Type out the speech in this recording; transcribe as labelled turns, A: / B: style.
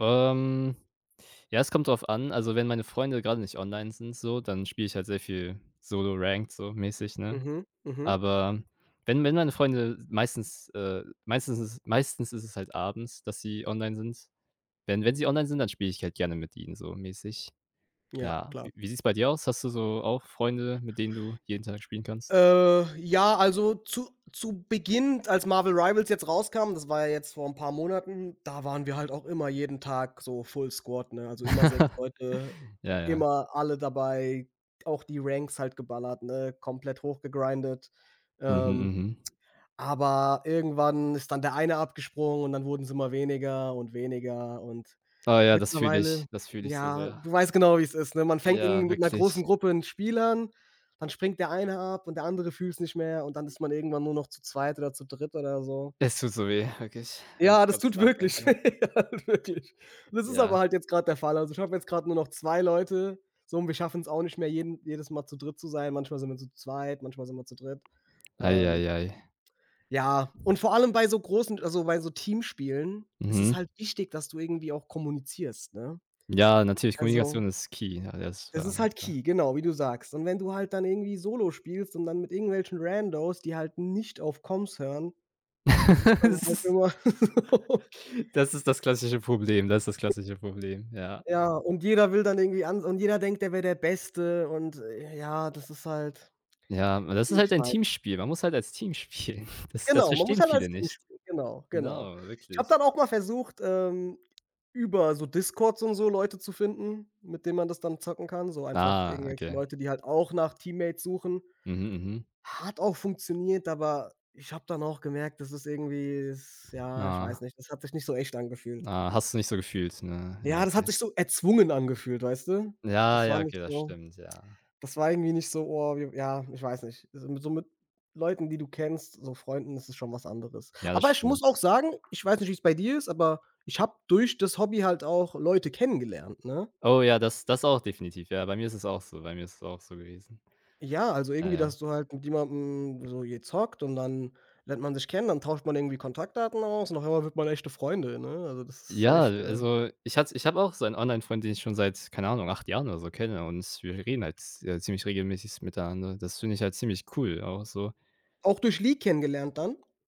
A: Ähm, ja, es kommt drauf an. Also wenn meine Freunde grade nicht online sind so, dann spiele ich halt sehr viel Solo Ranked so mäßig, ne?
B: Mhm, mhm.
A: Aber wenn wenn meine Freunde meistens äh, meistens ist meistens ist es halt abends, dass sie online sind. Wenn wenn sie online sind, dann spiele ich halt gerne mit ihnen so mäßig.
B: Ja,
A: Ja,
B: klar.
A: w wie sieht's bei dir aus? Hast du so auch Freunde, mit denen du jeden Tag spielen kannst?
B: Äh, ja, also zu zu Beginn, d als Marvel Rivals jetzt rauskam, das war ja jetzt vor 'n paar Monaten, da waren wir halt auch immer jeden Tag so Full Squad, ne? Also immer 6 Leute,
A: Ja, ja.
B: immer alle dabei, auch die Ranks halt geballert, ne, komplett hochgegrinded.
A: Mhm,
B: Ähm,
A: mhm.
B: aber irgendwann ist dann der eine abgesprungen und dann wurden's immer weniger und weniger und
A: Oh ja, das fühle ich,
B: mittlerweile
A: das fühle ich so
B: ja,
A: sehr.
B: du weißt genau, wie's ist, ne? Man fängt
A: Ja,
B: irgendwie mit 'ner
A: wirklich.
B: großen Gruppe 'n Spiel an, dann springt der eine ab und der andere fühlt's nicht mehr und dann ist man irgendwann nur noch zu zweit oder zu dritt oder so.
A: Es tut so weh, wirklich, wenn
B: Ja,
A: ich
B: das
A: grad
B: tut
A: so dran
B: wirklich
A: denke.
B: halt wirklich. Das ist aber
A: Ja.
B: halt jetzt grade der Fall. Also ich habe jetzt grade nur noch 2 Leute. So und wir schaffen's auch nicht mehr, jeden jedes Mal zu dritt zu sein. Manchmal sind wir zu zweit, manchmal sind wir zu dritt,
A: Ei,
B: ähm
A: ei, ei.
B: ja, und vor allem bei so großen also bei so Teamspielen ist es
A: Mhm.
B: halt wichtig, dass du irgendwie auch kommunizierst, ne?
A: Ja, natürlich,
B: Also
A: Kommunikation ist Key. Ja, das
B: Das
A: war.
B: ist halt
A: [unintelligible]
B: Key, genau wie du sagst. Und wenn du halt dann irgendwie solo spielst und dann mit irgendwelchen Randos, die halt nicht auf Coms hören, das ist dann
A: Das
B: halt
A: ist
B: immer so
A: das ist das klassische Problem. Das ist das
B: [unintelligible]
A: klassische Problem, ja.
B: Ja, und jeder will dann irgendwie an und jeder denkt, er wär der Beste und, äh, ja, das ist halt,
A: eJa, aber das ist
B: ich
A: halt ein
B: weiß
A: Teamspiel. Man muss halt als Team spielen. Das das
B: Genau, man muss
A: verstehen
B: halt als
A: viele
B: Team
A: nicht.
B: spielen. Genau, genau.
A: Genau,
B: Ich habe
A: wirklich.
B: dann auch mal versucht, ähm, über so Discords und so Leute zu finden, mit denen man das dann zocken kann. So einfach
A: Ah,
B: irgendwelche
A: okay.
B: Leute, die halt auch nach Teammates suchen.
A: Mhm, mhm.
B: Hat auch funktioniert, aber ich habe dann auch gemerkt, das ist irgendwie das ja, ich weiß
A: Na.
B: nicht, das hat sich nicht so echt angefühlt.
A: Ah, hast du nicht so gefühlt, ne? Ja,
B: Ja, das hat
A: okay.
B: sich so erzwungen angefühlt, weißt du?
A: Ja,
B: Das war
A: ja,
B: nicht
A: okay, das
B: so
A: stimmt, ja.
B: das war irgendwie nicht so: „Oh wir w“ ja, ich weiß nicht. So mi so mit Leuten, die du kennst, so Freunden, das ist schon was anderes.
A: Ja, das
B: Aber ich muss auch
A: stimmt.
B: sagen, ich weiß nicht, wie's bei dir ist, aber ich habe durch das Hobby halt auch Leute kennengelernt, ne?
A: Oh ja, das das auch definitiv. Ja, bei mir ist es auch so bei mir ist es auch so gewesen.
B: Ja, also
A: Ja,
B: irgendwie, da
A: ja.
B: hast du halt mit jemandem so gezockt und dann lernt man sich kennen, dann tauscht man irgendwie Kontaktdaten aus und auf einmal wird man echte Freunde, ne? Also das ist
A: Ja,
B: echt, ähm
A: also ich hatte ich habe auch so ein Online-Freund, den ich schon seit, keine Ahnung, 8 Jahren oder so kenne und wir reden halt z äh, ziemlich regelmäßig s miteinander. Das finde ich halt ziemlich cool auch so.
B: Auch durch League kennengelernt dann?